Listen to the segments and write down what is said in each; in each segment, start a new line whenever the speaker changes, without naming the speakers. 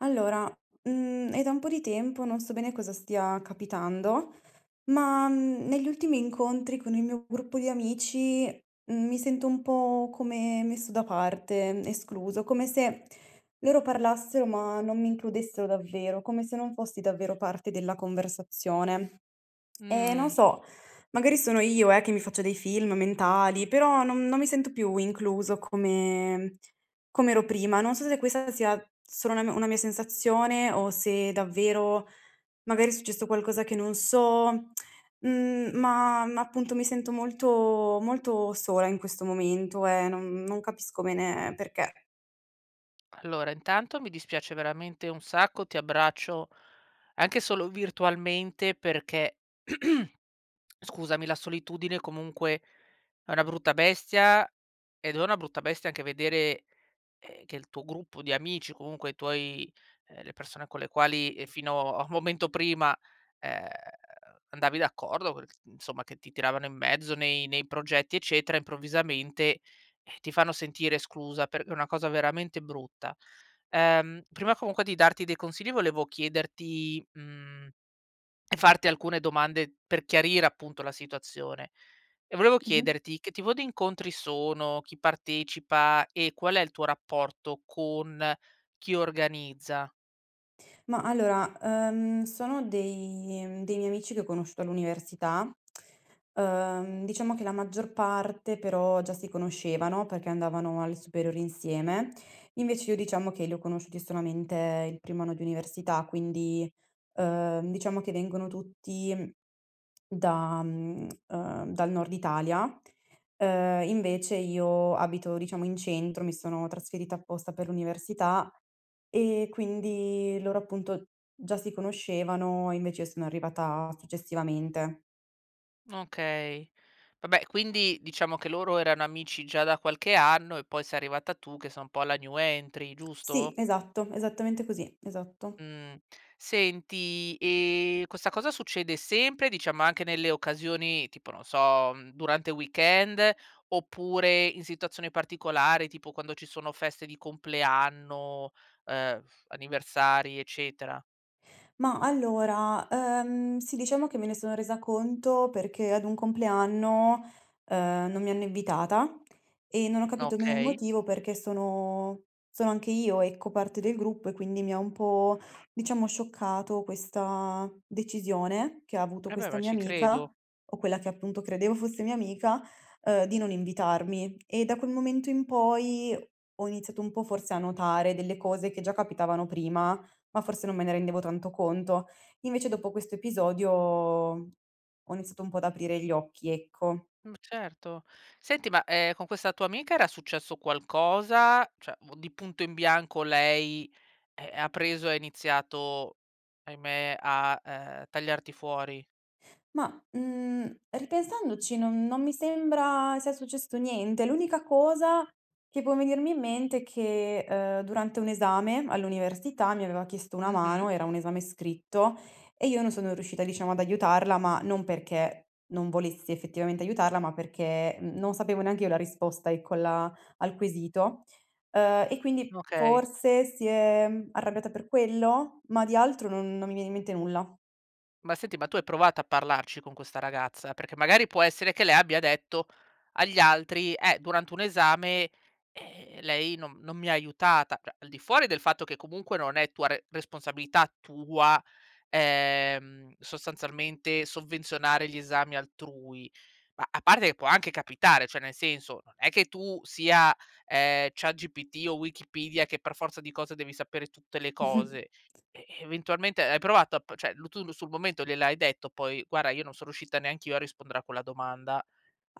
Allora, mhmm, è da un po' di tempo, non so bene cosa stia capitando, ma, mhmm, negli ultimi incontri con il mio gruppo di amici, mhmm, mi sento un po' come messo da parte, escluso, come se, loro parlassero ma non mi includessero davvero, come se non fossi davvero parte della conversazione. Eh, non
Mh.
so, magari sono io, eh, che mi faccio dei film mentali, però no non mi sento più incluso come com'ero prima, non so se questa sia solo una m una mia sensazione o se davvero, magari è successo qualcosa che non so. Mhmm, ma ma appunto mi sento molto molto sola in questo momento e no non capisco bene perché.
Allora, intanto mi dispiace veramente un sacco, ti abbraccio, anche solo virtualmente perché, scusami, la solitudine comunque è una brutta bestia, ed è una brutta bestia anche vedere, ehm che il tuo gruppo di amici, comunque i tuoi, uhm, le persona con le quali, ehm, fino a momento prima, ehm, andavi d'accordo co insomma che ti tiravano in mezzo nei nei progetti, eccetera, improvvisamente, eh, ti fanno sentire esclusa per è una cosa veramente brutta. Ehm, prima comunque di darti dei consigli volevo chiederti mhmm, e farti alcune domande per chiarire appunto la situazione. E volevo
Mh-mh.
chiederti che tipo di incontri sono, chi partecipa e qual è il tuo rapporto con chi organizza?
Mah allora, uhm, sono dei dei miei amici che ho conosciuto all'università. Uhm, diciamo che la maggior parte però già si conoscevano, perché andavano alle superiori insieme. Invece io diciamo che li ho conosciuti solamente il primo anno di università, quindi, uhm, diciamo che vengono tutti, da, mhmm, ehm, dal Nord Italia. Uhm, invece io abito, diciamo in centro, mi sono trasferita apposta per l'università e quindi loro appunto, già si conoscevano e invece io sono arrivata successivamente.
Okay, vabbè, quindi diciamo che loro erano amici già da qualche anno e poi sei arrivata tu che sei un po' la new entry,
Sì,
giusto?
esatto, esattamente così, esatto.
Mh, senti e questa cosa succede sempre, diciamo anche nelle occasioni, tipo non so, durante il weekend oppure in situazioni particolari, tipo quando ci sono feste di compleanno, ehm, anniversari, eccetera?
Mah, allora, ehm, sì, diciamo che me ne sono resa conto perché ad un compleanno, uhm, non mi hanno invitata, e non ho capito bene il
Okay.
motivo perché sono sono anche io ecco parte del gruppo e quindi mi ha un po' diciamo scioccato questa decisione che ha avuto
Eh, beh,
questa
ma
mia
ci credo.
amica, o quella che appunto credevo fosse mia amica, ehm, di non invitarmi. E da quel momento in poi, ho iniziato un po' forse a notare delle cose che già capitavano prima, ma forse non me ne rendevo tanto conto. Invece dopo questo episodio, ho iniziato un po' ad aprire gli occhi, ecco.
Mh, certo. Senti, ma, ehm, con questa tua amica era successo qualcosa, cioè m di punto in bianco lei, eh, ha preso e ha iniziato, ahimè, a, ehm, tagliarti fuori?
Mah, mhmm, ripensandoci non non mi sembra sia successo niente. L'unica cosa che può venirmi in mente è che, ehm, durante un esame all'università mi aveva chiesto una mano,
Mh-mh.
era un esame scritto, e io non sono riuscita diciamo ad aiutarla, ma non perché non volessi effettivamente aiutarla, ma perché n non sapevo neanch'io la risposta ecco, la al quesito. Ehm, e quindi
Okay.
forse si è arrabbiata per quello? Ma di altro non non mi viene in mente nulla.
Ma senti, ma tu hai provato a parlarci con questa ragazza, perché magari può essere che lei abbia detto agli altri: "Eh, durante un esame, ehm, lei non non mi ha aiutata." Cioè al di fuori del fatto che, comunque non è tua re responsabilità tua, ehm, sostanzialmente sovvenzionare gli esami altrui. Ma a parte e può anche capitare, cioè nel senso non è che tu sia, ehm, ChatGPT o Wikipedia, che per forza di cose devi sapere tutte le cose, eh, eventualmente hai provato a p cioè lu tu lu sul momento gliel'hai detto poi: "Guarda, io non son riuscita neanch'io a rispondere a quella domanda"?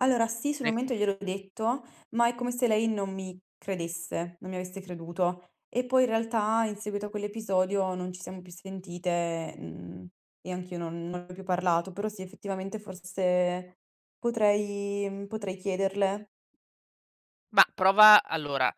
Ehm,
sì, sul
ne
momento gliel'ho detto, ma è come se lei non mi credesse non mi avesse creduto, e poi in realtà, in seguito a quell'episodio, non ci siamo più sentite, mhmm, e anch'io non non ne ho più parlato, però sì, effettivamente forse potrei mhmm, potrei chiederle.
Mah, prova allora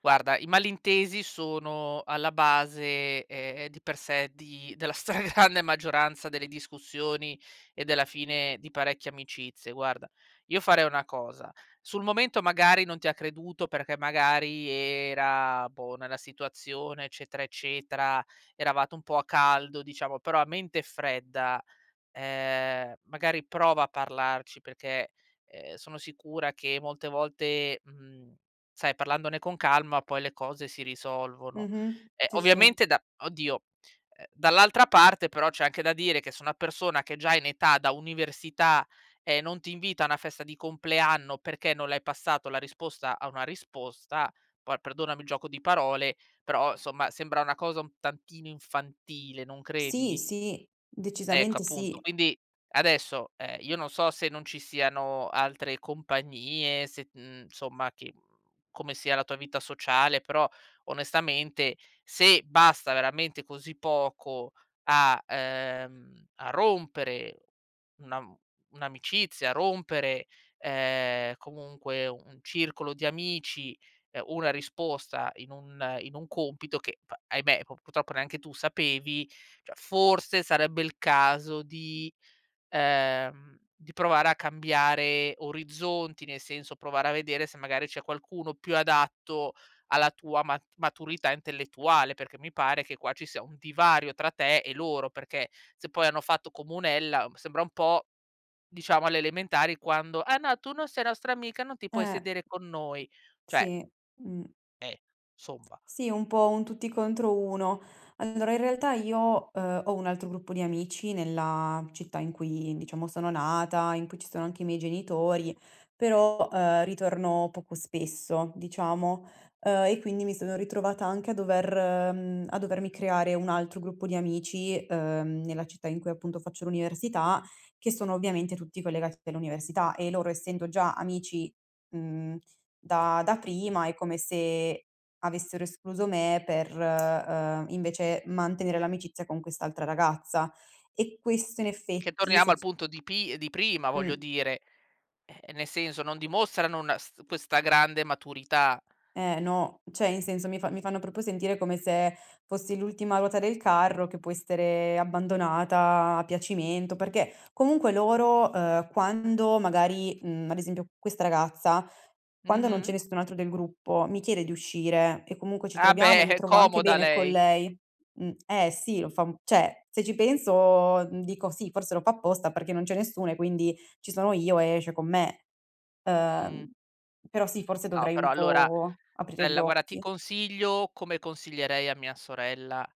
guarda, i malintesi sono alla base, ehm, di per sé, di della stragrande maggioranza delle discussioni, e della fine di parecchie amicizie. Guarda, io farei una cosa. Sul momento magari non ti ha creduto, perché magari era, boh, nella situazione, eccetera, eccetera; eravate un po' a caldo, diciamo, però a mente fredda, ehm, magari prova a parlarci perché, uhm, sono sicura che molte volte, mhmm, sai parlandone con calma, poi le cose si risolvono.
Mh-mh.
Ehm,
Sì, sì.
ovviamente da oddio, uhm, dall'altra parte però c'è anche da dire che se una persona che è già in età da università, e non ti invita a una festa di compleanno, perché non le hai passato la risposta a una risposta, poi perdonami il gioco di parole, però somma, sembra una cosa un tantino infantile, non
Sì,
credi?
sì,
Ecco
decisamente
appunto,
sì.
quindi adesso, ehm, io non so se non ci siano altre compagnie, se, mhmm, somma ti come sia la tua vita sociale, però onestamente, se basta veramente così poco a, uhm, a rompere una mhmm, un'amicizia, a rompere, uhm, comunque un circolo di amici, uhm, una risposta, in un in un compito che, v ahimè, p purtroppo neanche tu sapevi, cioè forse sarebbe il caso di ehm, di provare a cambiare orizzonti, nel senso provare a vedere se magari c'è qualcuno più adatto alla tua mat maturità intellettuale, perché mi pare che qua ci sia un divario tra te e loro. Perché, se poi hanno fatto comunella, sembra un po', diciamo, alle elementari quando: "Ah no, tu non sei nostra amica, non ti puoi
Eh.
sedere con noi;" cioè.
Sì, mh.
Eh, somba
Sì, un po' un tutti contro uno. Allora in realtà io, uhm, ho un altro gruppo di amici nella città in cui diciamo sono nata, in cui ci sono anche i miei genitori, però, ehm, ritorno poco spesso, diciamo, ehm, e quindi mi sono ritrovata anche a dover mhmm, a dovermi creare un altro gruppo di amici, uhm, nella città in cui appunto faccio l'università, che sono ovviamente tutti collegati all'università e loro, essendo già amici, mhmm, da da prima, è come se avessero escluso me per, ehm, invece mantenere l'amicizia con quest'altra ragazza. E questo in
Eh, che
effetti
torniamo
se
al
c
punto di pi di prima. Voglio
Mh.
dire, eh, nel senso, non dimostrano una s questa grande maturità.
Eh no, cioè in senso, mi fa mi fanno proprio sentire come se fossi l'ultima ruota del carro, che può essere abbandonata a piacimento, perché comunque loro, ehm, quando magari mhmm, ad esempio questa ragazza, quando non c'è
Mh-mh.
nessun altro del gruppo, mi chiede di uscire e comunque ci
Ah,
troviamo e
beh,
mi
è
trovo anche
comoda
bene con
lei.
lei. Mh eh sì lo fa un cioè, se ci penso dico: "Sì, forse lo fa apposta perché non c'è nessuno e quindi ci sono io e esce con me",
Mh.
uhm, però sì, forse
No,
dovrei
però
un
allora
po' aprire gli
bella, guarda, ti
occhi.
consiglio, come consiglierei a mia sorella,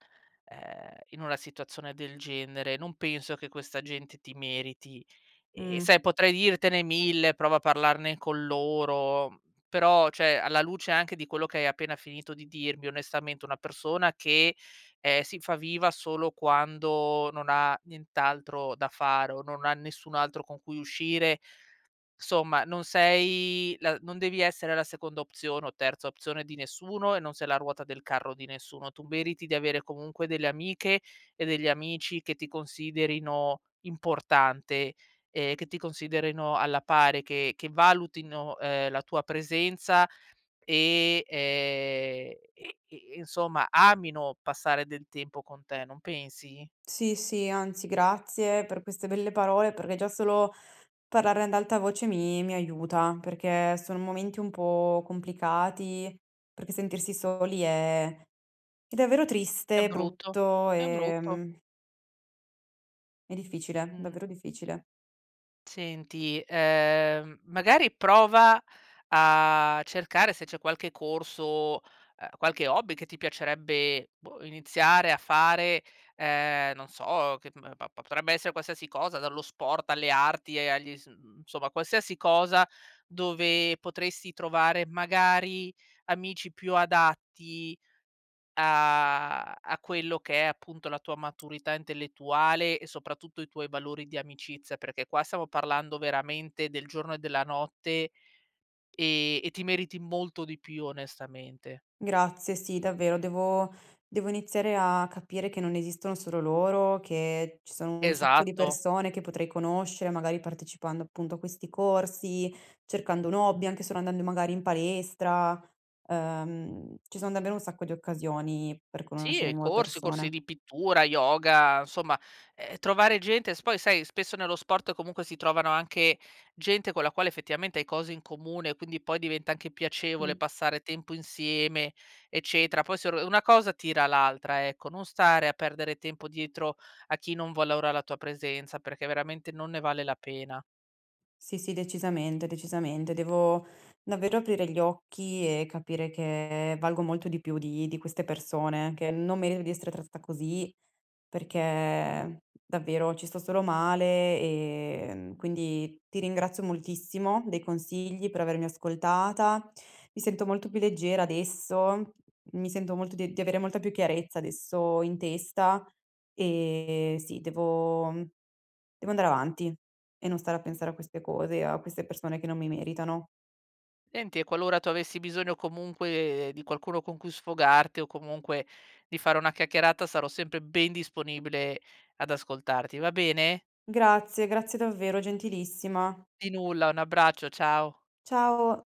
ehm, in una situazione del genere, non penso che questa gente ti meriti. E,
Mh.
sai, potrei dirtene 1000, prova a parlarne con loro, però cioè, alla luce anche di quello che hai appena finito di dirmi, onestamente una persona che, ehm, si fa viva solo quando non ha nient'altro da fare o non ha nessun altro con cui uscire. Somma, non sei la non devi essere la seconda opzione o terza opzione di nessuno e non sei la ruota del carro di nessuno, tu meriti di avere comunque delle amiche e degli amici che ti considerino importante, ehm, che ti considerino alla pari, che che valutino, ehm, la tua presenza, e, ehm, e e insomma amino passare del tempo con te, non pensi?
Sì, sì, anzi grazie per queste belle parole, perché già solo parlarne ad alta voce mi mi aiuta, perché sono momenti un po' complicati, perché sentirsi soli è è davvero
È
triste,
brutto,
brutto,
è brutto.
ehm È difficile,
Mh.
davvero difficile.
Senti, ehm, magari prova a cercare se c'è qualche corso, ehm, qualche hobby che ti piacerebbe, boh, iniziare a fare, ehm, non so che, mhmm, pa pa potrebbe essere qualsiasi cosa, dallo sport alle arti e agli s mhmm, insomma qualsiasi cosa dove potresti trovare magari amici più adatti, a a quello che è appunto la tua maturità intellettuale e soprattutto i tuoi valori di amicizia, perché qua stiamo parlando veramente del giorno e della notte, ehm, e ti meriti molto di più onestamente.
Grazie. Sì, davvero. Devo devo iniziare a capire che non esistono solo loro che ci sono un sacco di
Esatto.
persone che potrei conoscere, magari partecipando appunto a questi corsi, cercando un hobby, anche solo andando magari in palestra. Ehm, ci son davvero un sacco di occasioni per
Sì,
conoscere
ehm,
nuove
corsi, corsi
persone.
di pittura, yoga, insomma, ehm, trovare gente s poi sai, spesso nello sport comunque si trovano anche gente con la quale effettivamente hai cose in comune, quindi poi diventa anche piacevole
Mh.
passare tempo insieme, eccetera, poi se r una cosa tira l'altra, ecco, non stare a perdere tempo dietro, a chi non valora la tua presenza perché veramente non ne vale la pena.
Sì, sì, decisamente, decisamente. Devo davvero aprire gli occhi e capire che valgo molto di più di di queste persone che non merito di essere trattata così, perché davvero ci sto solo male, ehm, quindi ti ringrazio moltissimo dei consigli, per avermi ascoltata. Mi sento molto più leggera adesso, mi sento molto di di avere molta più chiarezza adesso in testa, ehm, sì, devo mhmm, devo andare avanti e non stare a pensare a queste cose e a queste persone che non mi meritano.
Enti e qualora tu avessi bisogno comunque, ehm, di qualcuno con cui sfogarti o comunque, di fare una chiacchierata, sarò sempre ben disponibile ad ascoltarti, va bene?
Grazie, grazie davvero, gentilissima.
Di nulla. Un abbraccio. Ciao.
Ciao.